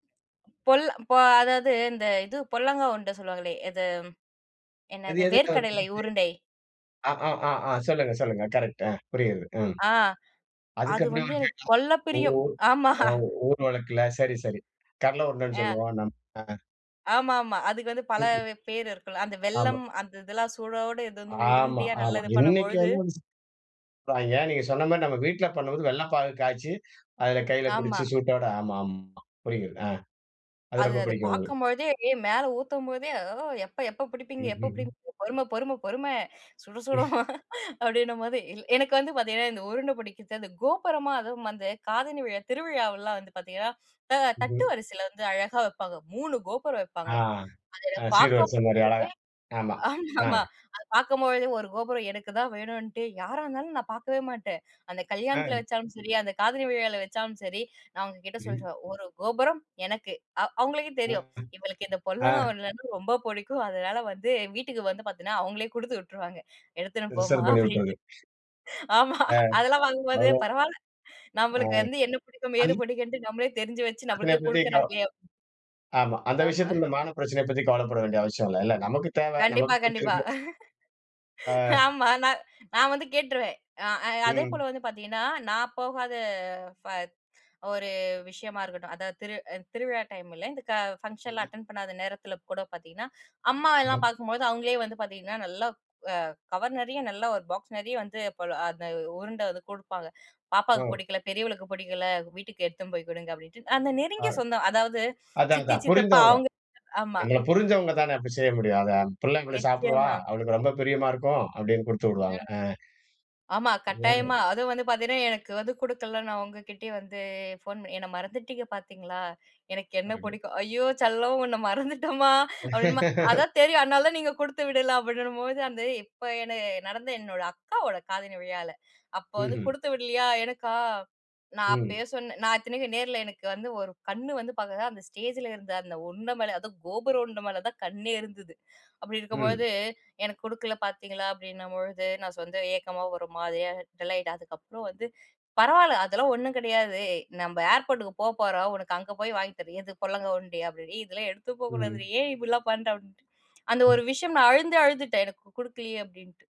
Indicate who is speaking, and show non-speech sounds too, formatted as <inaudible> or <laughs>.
Speaker 1: பொல் ப, அதாவது, இந்த இது பொல்லாங்கா உருண்ட சொல்லுவாங்களே. அது.
Speaker 2: அது
Speaker 1: என்னாது?
Speaker 2: எதுக்காக <unintelligible> புடிச்சி?
Speaker 1: வேர்க்கடலை உருண்டை.
Speaker 2: ஆ ஆ ஆ ஆ. சொல்லுங்க சொல்லுங்க. கரெக்ட்டு. அ. புரியுது. ம்.
Speaker 1: ஆ.
Speaker 2: அதுக்கு
Speaker 1: அது
Speaker 2: அப்பறம்
Speaker 1: வந்து
Speaker 2: <unintelligible> அங்க
Speaker 1: எனக்கு
Speaker 2: கேட்டா.
Speaker 1: கொள்ள
Speaker 2: உங்க
Speaker 1: பிரியம்.
Speaker 2: ஊர்
Speaker 1: ஆமா.
Speaker 2: எ ஊர் வழக்கில சரி சரி. கடல உருண்டன்னு
Speaker 1: ஆ.
Speaker 2: சொல்வோம் நம்ம.
Speaker 1: ஆமா ஆமா. அதுக்கு வந்து பல
Speaker 2: ம்.
Speaker 1: பேரு இருக்கும் இல்ல. அந்த
Speaker 2: ஆமா.
Speaker 1: வெல்லம், அந்த இதெல்லாம் சூடோடு, இது வந்து
Speaker 2: ஆமா,
Speaker 1: உருண்டையா
Speaker 2: ஆமா.
Speaker 1: நல்லா இது பண்ணும்
Speaker 2: இன்னிக்கு
Speaker 1: பொழுது
Speaker 2: வந்து அது <unintelligible> சீனில பண்ராய்ங்க. நீங்க சொன்ன மாரி நம்ம வீட்ல பண்ணும்போது, வெல்ல பாகு காய்ச்சி, அதுல கைல
Speaker 1: ஆமா.
Speaker 2: பிடிச்சு சூட்டோட, ஆமா ஆமா. புரிகிறது. ஆ. அது
Speaker 1: அது
Speaker 2: ரொம்ப
Speaker 1: அது
Speaker 2: பிடிக்கும் உங்களுக்கு?
Speaker 1: பாக்கும் பொழுதே, ஏ, மேலே ஊத்தும் போதே, "ஓ, எப்ப எப்பப்
Speaker 2: ம்.
Speaker 1: புடிப்பீங்க?
Speaker 2: ம்.
Speaker 1: எப்பப்
Speaker 2: ம்.
Speaker 1: புடிப்பீங்க? பொறும பொறும, பொறும. சுடச்
Speaker 2: <chuckles>
Speaker 1: சுடும்," அப்டின்னும் போது, எனக்கு வந்து பாத்தீங்கன்னா, இந்த உருண்ட புடிக்கிறத்து, அது கோபுரமா அதுவும் வந்து அந்தக் காதணி விழா, திருவிழாவெல்லாம் வந்து பாத்தீங்கன்னா, அ, தட்டு
Speaker 2: ம்ஹ்ம்.
Speaker 1: வரிசைல வந்து அழகா வப்பாங்க. 3 கோபுரம்
Speaker 2: ஆ.
Speaker 1: வெப்பாங்க. அது என்ன
Speaker 2: அ,
Speaker 1: பாக்கும்
Speaker 2: சீர்வரிச மாரி
Speaker 1: போதே.
Speaker 2: அழகா. ஆமா.
Speaker 1: ஆமா
Speaker 2: ஆ.
Speaker 1: ஆமா, அது பாக்கும் பொழுதே ஒரு கோபுரம் எனக்குத்தான் வேணுன்னுட்டு யாரா இருந்தாலும் நான் பாக்கவே மாட்டேன். அந்தத் கல்யாணத்துல
Speaker 2: அ.
Speaker 1: வெச்சாலும் சரி, அந்த காதணி விழாவுல வச்சாலும் சரி, நான் அவுங்ககிட்ட
Speaker 2: ம்.
Speaker 1: சொல்லிருவேன். "1 கோபுரம் எனக்கு."அவு அவுங்களுக்கே
Speaker 2: ஆ.
Speaker 1: தெரியும், இவளுக்கு இந்தப் பொல்லாங்கா
Speaker 2: ஆ.
Speaker 1: உருண்டன்னா ரொம்பப் புடிக்கும். அதனால வந்து வீட்டுக்கு வந்து பாத்தீங்கன்னா, அவுங்களே குடுத்து விட்ருவாங்க. "எடுத்துன்னுப் போமா"
Speaker 2: ரிசர்வ் பண்ணிவுட்றது.
Speaker 1: அப்டின்னுட்டு. ஆமா,
Speaker 2: அ.
Speaker 1: அதெல்லாம் பாக்கும் போது,
Speaker 2: அவ்ளோ
Speaker 1: பரவால்ல.
Speaker 2: அ.
Speaker 1: நம்மளுக்கு வந்து என்ன பிடிக்கும்?
Speaker 2: அது
Speaker 1: ஏது பிடிக்கும்ன்னு? நம்மளயே தெரிஞ்சி வச்சி, நமக்கே
Speaker 2: <unintelligible>
Speaker 1: குடுக்குறாங்களே அப்
Speaker 2: .ஆமா. அந்த
Speaker 1: ஆமா.
Speaker 2: விஷயத்தில இந்த
Speaker 1: <chuckles>
Speaker 2: மான பிரச்சனைய பத்தி கவலைப்பட வேண்டிய அவசியம் இல்லல்ல! நமக்கு தேவ, நமக்கு
Speaker 1: கண்டிப்பா கண்டிப்பா
Speaker 2: பிடிச்சிருக்கு.
Speaker 1: <laughs>
Speaker 2: அ.
Speaker 1: ஆமா, நா நான் வந்து கேட்ருவேன். அ, அ,
Speaker 2: ம்.
Speaker 1: அதேபோல வந்து பாத்தீங்கன்னா, நான் போகாத, ஃப ஒரு விஷயமா இருக்கட்டும், அதாவது திரு அந் திருவிழா டைமுல, இந்த கா ஃபங்ஷன்ல்லாம்
Speaker 2: ம்ஹ்ம்.
Speaker 1: அட்டெண்ட் பண்ணாத நேரத்துல கூட பாத்தீங்கன்னா, அம்மாவ எல்லாம்
Speaker 2: ம்ஹ்ம்.
Speaker 1: பாக்கும் பொழுது, அவுங்களே வந்து பாத்தீங்கன்னா, நல்லா அ, கவர் நெறையா, நல்லா ஒரு பாக்ஸ் நெறைய வந்து, போல, அந்த உருண்ட வந்து குடுப்பாங்க.
Speaker 2: ஓ!
Speaker 1: "பாப்பாக்குப் புடிக்கும்ல, பெரியவளுக்குப் புடிக்கும்ல, வீட்டுக்கு எடுத்துன்னு போயி குடுங்க" அப்படின்ட்டு. அந்த நெருங்கிய
Speaker 2: யாரு?
Speaker 1: சொந்தம் அதாவது
Speaker 2: அதான்
Speaker 1: சித்தி,
Speaker 2: அதான்.
Speaker 1: சித்தப்பா
Speaker 2: புரிந்தவங்க.
Speaker 1: அவுங்க ஆமா.
Speaker 2: நம்மள புரிஞ்சவங்க தானே, அப்டி செய்ய முடியும்? அதான். அந் "பிள்ள இப்டி சாப்பிடுவா,
Speaker 1: நிச்சயமா.
Speaker 2: அவளுக்கு ரொம்ப பிரியமா இருக்கும்" அப்டின்னு குடுத்து விடுவாங்க.
Speaker 1: ம்,
Speaker 2: அ.
Speaker 1: ஆமா. கட்டாயமா.
Speaker 2: <unintelligible>
Speaker 1: அதும் வந்து பாத்தீங்கன்னா எனக்கு வந்து குடுக்கல, நான் அவுங்ககிட்டயே வந்து போன் பண்ணி, "என்ன மறந்துட்டீங்க பாத்தீங்களா? எனக்கு என்ன
Speaker 2: <unintelligible>
Speaker 1: புடிக்கும்" "ஐயோ செல்லம்! உன்ன மறந்துட்டோம்மா" அப்டின்னம்ம,
Speaker 2: <laughs>
Speaker 1: "அதான் தெரியும். அதனால தான் நீங்க குடுத்து விடல" அப்டின்னும் பொழுது, அந்த இப்ப, என்ன நடந்த என்னோட அக்காவோட காதணி விழால. அப்போ வந்து
Speaker 2: ம்ஹ்ம்.
Speaker 1: குடுத்து விடலியா, எனக்கா? நான்
Speaker 2: ம்.
Speaker 1: அப்பயே சொன்னேன், நான் இத்தனைக்கும் நேர்ல எனக்கு வந்து ஒரு கண்ணு வந்து பாத்தீங்கன்னா, அந்த ஸ்டேஜில இருந்த அந்த உண்ட மேல, அதும் கோபுர உருண்ட மேல தான் கண்ணே இருந்தது. அப்டி
Speaker 2: ம்.
Speaker 1: இருக்கும்பொழுது, "எனக்கு குடுக்கல பாத்தீங்களா?" அப்டின்னும்பொழுது நான் சொந்த ஏக்கமா, ஒரு மாரியா டல்லாயிட்டேன். அதுக்கப்பறம் வந்து, "பரவால்ல, அதெல்லாம் ஒண்ணும் கெடையாது. ஏய் நம்ப ஏர்போர்ட்டுக்கு போபோறோம் உனக்கு அங்க போயி வாங்கித் தரேன்" "எது பொல்லாங்கா உருண்டயா?" அப்டின்னு ஏ, இதெல்லாம் எடுத்து போக்கூடாதுரி!
Speaker 2: ம்
Speaker 1: ஏன், இப்டிலாம் பண்ற?" அப்டின்ட்டு அந்த ஒரு
Speaker 2: <chuckles>
Speaker 1: விஷயம் நான் அழுந்து அழுதுட்டேன், எனக்கு குடுக்கலயே அப்டின்ட்டு.